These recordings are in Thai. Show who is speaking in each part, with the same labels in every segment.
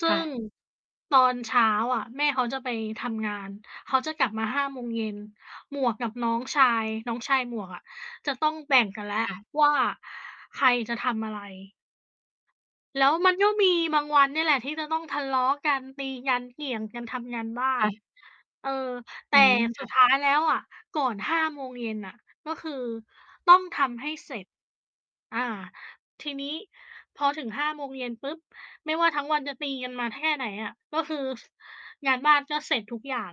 Speaker 1: ซึ่
Speaker 2: ค่
Speaker 1: ง
Speaker 2: ะ
Speaker 1: ตอนเช้าอะ แม่เขาจะไปทำงาน เขาจะกลับมา 17:00 หมวกกับน้องชาย น้องชายหมวกอะ จะต้องแบ่งกันแล้ว
Speaker 2: ค่ะ
Speaker 1: ว่า ใครจะทำอะไร แล้วมันก็มีบางวันนี่แหละที่จะต้องทะเลาะกัน ตีกัน เกี่ยงกันทำงานบ้า
Speaker 2: ค่
Speaker 1: น
Speaker 2: ะ
Speaker 1: เอ่อ แต
Speaker 2: อื
Speaker 1: ่
Speaker 2: ม ค
Speaker 1: สุ
Speaker 2: ่
Speaker 1: ด
Speaker 2: ะ
Speaker 1: ท้ายแล้วอะ ก่อน 17:00 อะ ก็คือต้องทำให้เสร็จ อา ทีนี้ พอถึง 17:00 ปุ๊บ! ไม่ว่าทั้งวันจะตีกันมาแค่ไหนอะ ก็คืองานบ้าน ก็เสร็จทุกอย่าง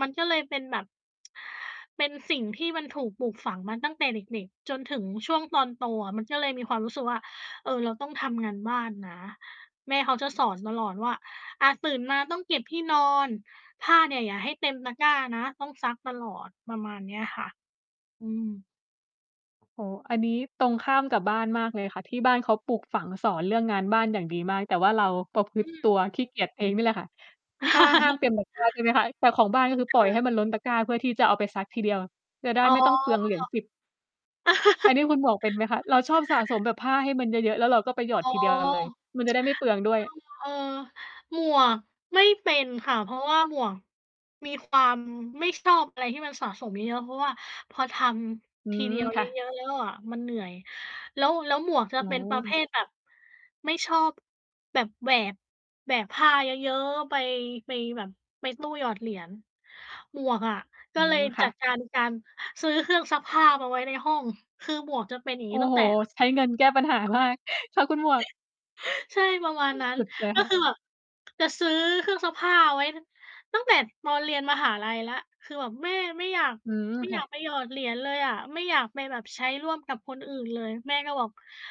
Speaker 1: มันก็เลยเป็นแบบ เป็นสิ่งที่มันถูกปลูกฝังมาตั้งแต่เด็ก ๆ จนถึงช่วงตอนโตอะ มันก็เลยมีความรู้สึกว่า เออ เราต้องทำงานบ้านนะ แม่เขาจะสอนตลอดว่า อา ตื่นมาต้องเก็บที่นอน ผ้าเนี่ยอย่าให้เต็มตะกร้านะ ต้องซักตลอดประมาณนี้ค่ะ อืม
Speaker 2: โอ้โฮ อันนี้ตรงข้ามกับบ้านมากเลยค่ะ ที่บ้านเขาปลูกฝังสอนเรื่องงานบ้านอย่างดีมาก แต่ว่าเราประพฤ
Speaker 1: อ
Speaker 2: ต
Speaker 1: ื
Speaker 2: ิต
Speaker 1: ม
Speaker 2: ัวขี้เกียจเองนี่แหละค่ะ ถ้าห้ามเต็มตะ กร้า ใช่ไหมคะ แต่ของบ้านก็คือป
Speaker 1: ค
Speaker 2: ล่
Speaker 1: ่
Speaker 2: อยให
Speaker 1: ะ
Speaker 2: ้มันล้นตะกร้า เพื่อที่จะเอาไปซักทีเดียวจะได้
Speaker 1: อ๋อ
Speaker 2: ไม่ต้องเปลืองเหรียญ 10 อันนี้คุณหมวกเป็นไหมคะ เราชอบสะสมแบบผ้าให้มันเยอะ ๆ แล้วเราก็ไปหย
Speaker 1: อ๋อ
Speaker 2: อดทีเดียว เลย มันจะได้ไม่เปลืองด้วย
Speaker 1: อ้าว เออ หมวกไม่เป็นค่ะ เพราะว่าหมวก มีความไม่ชอบ อะไรที่มันสะสมเยอะ ๆ เพราะว่าพอท
Speaker 2: อื
Speaker 1: ำทีเดี
Speaker 2: ม
Speaker 1: ยว
Speaker 2: ค
Speaker 1: เย
Speaker 2: ่ะ
Speaker 1: อะ ๆ แล้วอะมันเหนื่อย แล้ว แล้วหมวกจะ
Speaker 2: อ๋
Speaker 1: เป
Speaker 2: อ
Speaker 1: ็นประเภทแบบ ไม่ชอบแบบ แบบแบก แบกผ้าเยอะ ๆ ไป ไปแบบ ไปตู้หยอดเหรียญ หมวกอะ ก
Speaker 2: อ
Speaker 1: ็
Speaker 2: ๋อ
Speaker 1: เลย
Speaker 2: ค
Speaker 1: จ
Speaker 2: ่
Speaker 1: ัด
Speaker 2: ะ
Speaker 1: การ การซื้อเครื่องซักผ้ามาไว้ในห้อง คือหมวกจะเป็นอย่าง
Speaker 2: โอ
Speaker 1: น
Speaker 2: ้
Speaker 1: ี้ตั้ง
Speaker 2: โฮ
Speaker 1: แต่ แบบ
Speaker 2: ใช้เงินแก้ปัญหา มาก ชอบคุณหมวก
Speaker 1: ใช่ประมาณนั้น
Speaker 2: สุดใจ
Speaker 1: ก
Speaker 2: ค
Speaker 1: ็
Speaker 2: ่ะ
Speaker 1: คือ แบบ จะซื้อเครื่องซักผ้าไว้ ตั้งแต่ตอนเรียนมหาลัยแล้ว คือแบบแม่ไม่อยาก
Speaker 2: อืม
Speaker 1: ไม่
Speaker 2: ค
Speaker 1: อย
Speaker 2: ่
Speaker 1: าก
Speaker 2: ะ
Speaker 1: ไปหยอดเหรียญเลยอะ ไม่อยากไปแบบใช้ร่วมกับคนอื่นเลย แม่ก็บอก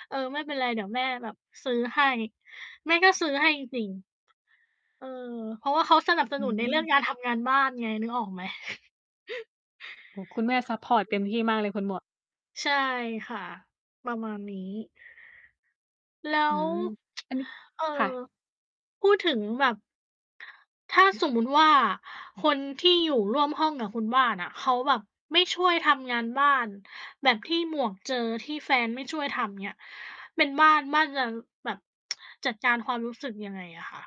Speaker 1: เออ ไม่เป็นไรเดี๋ยวแม่แบบซื้อให้ แม่ก็ซื้อให้จริง ๆ เออ เพราะว่าเขาสนับส
Speaker 2: อื
Speaker 1: นุนในเรื่อ
Speaker 2: ม
Speaker 1: งการทำงานบ้านไง นึกออกไหม
Speaker 2: โอ้โฮ คุณแม่ซัปพอร์ตเต็มที่มากเลย คุณหมวก
Speaker 1: ใช่ค่ะ ประมาณนี้ แล้
Speaker 2: อื
Speaker 1: ว
Speaker 2: ม อันนี้
Speaker 1: เอ่อ
Speaker 2: ค่ะ
Speaker 1: พูดถึงแบบ ถ้า สมมุติว่า คนที่อยู่ร่วมห้องกับคนบ้านอะ เขาแบบไม่ช่วยทำงานบ้านแบบที่หมวกเจอ ที่แฟนไม่ช่วยทำ อย่างเงี้ย เป็นบ้าน บ้านจะแบบ จัดการความรู้สึกยังไงอะคะ?